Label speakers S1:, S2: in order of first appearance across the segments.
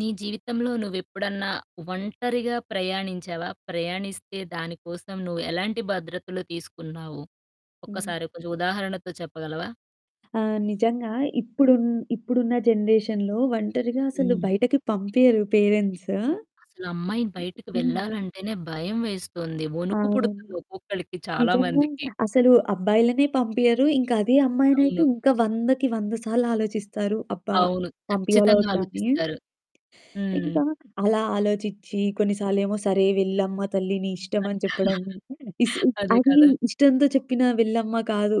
S1: నీ జీవితంలో నువ్వెప్పుడన్నా ఒంటరిగా ప్రయాణించావా? ప్రయాణిస్తే దాని కోసం నువ్వు ఎలాంటి భద్రతలు తీసుకున్నావు?
S2: హ్మ్.
S1: ఒక్కసారి కొంచెం ఉదాహరణతో చెప్పగలవా?
S2: ఆ! నిజంగా ఇప్పుడున్ ఇప్పుడున్న జనరేషన్‌లో ఒంటరిగా అసలు
S1: హ్మ్.
S2: బయటకి పంపియ్యరు పేరెంట్సు.
S1: అసలా అమ్మాయిని బయటికి
S2: హ్మ్.
S1: వెళ్ళాలంటేనే భయం వేస్తోంది. ఒణుకు
S2: అవును.
S1: పుడుతుంది ఒక్కొక్కళ్ళికి చాలా
S2: నిజంగా!
S1: మందికి!
S2: అసలు అబ్బాయిలనే పంపియ్యరు. ఇంకా అదే అమ్మాయినైతే
S1: అవును.
S2: ఇంకా 100కి, 100 సార్లు ఆలోచిస్తారు. అబ్బా!
S1: అవును.
S2: పంపియ్యాలా?
S1: ఖచ్చితంగా
S2: వద్దా అని?
S1: ఆలోచిస్తారు. హ్మ్.
S2: ఇంకా అలా ఆలోచిచ్చి కొన్ని సార్లేమో, "సరే వెళ్ళమ్మ తల్లి! నీ ఇష్టం." అని చెప్పడం. ఇస్
S1: అదే
S2: అది
S1: కదా!
S2: ఇష్టంతో చెప్పిన వెళ్ళమ్మ కాదు,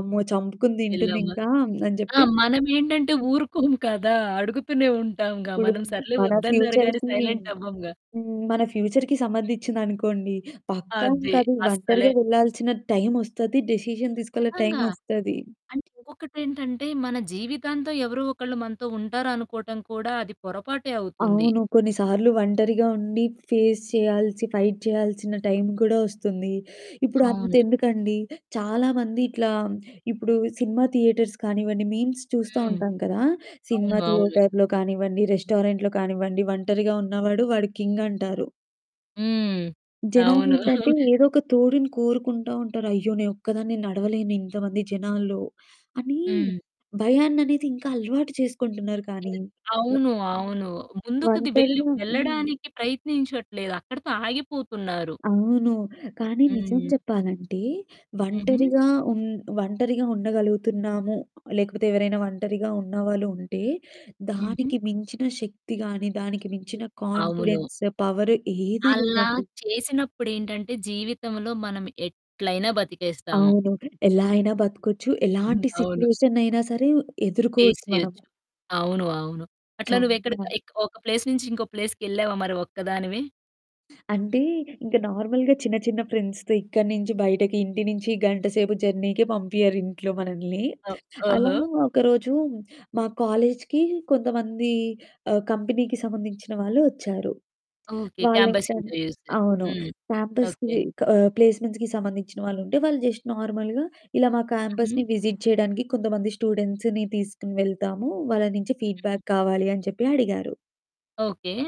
S2: "అమ్మో! చంపుకుని
S1: యెళ్ళమ్మా.
S2: తింటుందింకా" అని
S1: ఆ!
S2: జెప్పి.
S1: మనమేంటంటే ఊరుకోం కదా! అడుగుతూనే ఉంటాంగా!
S2: ఇప్పుడు
S1: మనం సర్లే
S2: మన
S1: వద్దన్నారుగా అని
S2: ఫ్యూచర్‌కీ హ్మ్.
S1: సైలెంట్ అవ్వముగా!
S2: మన ఫ్యూచర్‌కి సంబంధించిందనుకోండి. పక్కా
S1: అది
S2: ఇంకది
S1: అస్సలే
S2: ఒంటరిగా వెళ్ళాల్సిన టైమొస్తది. డిసిషన్ తీసుకెళ్ళే
S1: ఖచ్చితంగా.
S2: టైమొస్తది.
S1: అండ్ ఇంకొకటేంటంటే మన జీవితాంతం ఎవరో ఒకళ్ళు మనతో ఉంటారనుకోవటం కూడా అది పొరపాటే అవుతుంది.
S2: అవును. కొన్నిసార్లు ఒంటరిగా ఉండి ఫేస్ చేయాల్సి, ఫైట్ చేయాల్సిన టైమ్ కూడా ఒస్తుంది. ఇప్పుడు
S1: అవును.
S2: అంతెందుకండి! చాలామంది ఇట్లా ఇప్పుడు సినిమా థియేటర్స్ కానివ్వండి, మీమ్స్ చూస్తా
S1: హ్మ్.
S2: ఉంటాం కదా! సినిమా
S1: అవును. అవును.
S2: థియేటర్‌లో కానివ్వండి, రెస్టారెంట్‌లో కానివ్వండి, ఒంటరిగా ఉన్నవాడు వాడు కింగంటారు.
S1: హ్మ్. అవును.
S2: జనాలేంటంటే ఏదో ఒక తోడుని కోరుకుంటా ఉంటారు. అయ్యో! నేనొక్కదాన్నే నడవలేను ఇంతమంది జనాల్లో! అని
S1: హ్మ్.
S2: భయాన్ననేది ఇంకా అలవాటు చేసుకుంటున్నారు కానీ
S1: అవును. అవును. ముందుకది వెళ్ళి
S2: ఒంటరిగా హ్మ్.
S1: వెళ్ళడానికి ప్రయత్నించట్లేదు. అక్కడితో ఆగిపోతున్నారు.
S2: అవును. కానీ నిజం
S1: హ్మ్.
S2: చెప్పాలంటే
S1: హుహు.
S2: ఒంటరిగా ఉం ఒంటరిగా ఉండగలుగుతున్నాము. లేకపోతే ఎవరైనా ఒంటరిగా ఉన్నవాళ్ళు ఉంటే
S1: హుహు.
S2: దానికి మించిన శక్తి గాని, దానికి మించిన
S1: అవును.
S2: కాన్ఫిడెన్స్ పవర్ ఏదీ
S1: అలా
S2: లేదండి.
S1: చేసినప్పుడేంటంటే జీవితంలో మనం ఎట్లైనా బతికేస్తాము.
S2: అవును. ఎలా అయినా బతకొచ్చు. ఎలాంటి
S1: అవును.
S2: సిట్యుయేషన్‌నయినా సరే
S1: ఫేస్
S2: ఎదుర్కోవచ్చు మనం.
S1: చేయొచ్చు. అవును. అవును. అట్లా నువ్వెక్కడికి
S2: చాలా.
S1: ఎక్క ఒక ప్లేస్ నుంచి ఇంకో ప్లేస్‌కి వెళ్ళావా మరి ఒక్కదానివి?
S2: అంటే ఇంక నార్మల్‌గా చిన్న, చిన్న ఫ్రెండ్స్‌తో ఇక్కడి నుంచి బయటకి ఇంటి నుంచి గంటసేపు జర్నీకే పంపియ్యరింట్లో మనల్ని.
S1: ఓ
S2: అలా
S1: ఓహో!
S2: ఒకరోజు మా కాలేజ్‌కి కొంతమంది ఆహ్, కంపెనీకి సంబంధించిన వాళ్ళు ఒచ్చారు.
S1: ఓకే. క్యాంపస్
S2: వాళ్ళెంటంటే
S1: ఇంటర్‌వ్యూసు.
S2: అవును.
S1: హ్మ్. ఓకే.
S2: క్యాంపస్‌కి క ప్లేస్మెంట్స్‌కి సంబంధించిన వాళ్ళుంటే, వాళ్ళు జస్ట్ నార్మల్‌గా ఇలా మా
S1: హుహు.
S2: క్యాంపస్‌ని విజిట్ చేయడానికి కొంతమంది స్టూడెంట్స్‌ని తీసుకొని వెళ్తాము, వాళ్ళ నుంచి ఫీడ్‌బ్యాక్ కావాలి అని చెప్పి అడిగారు.
S1: ఓకే.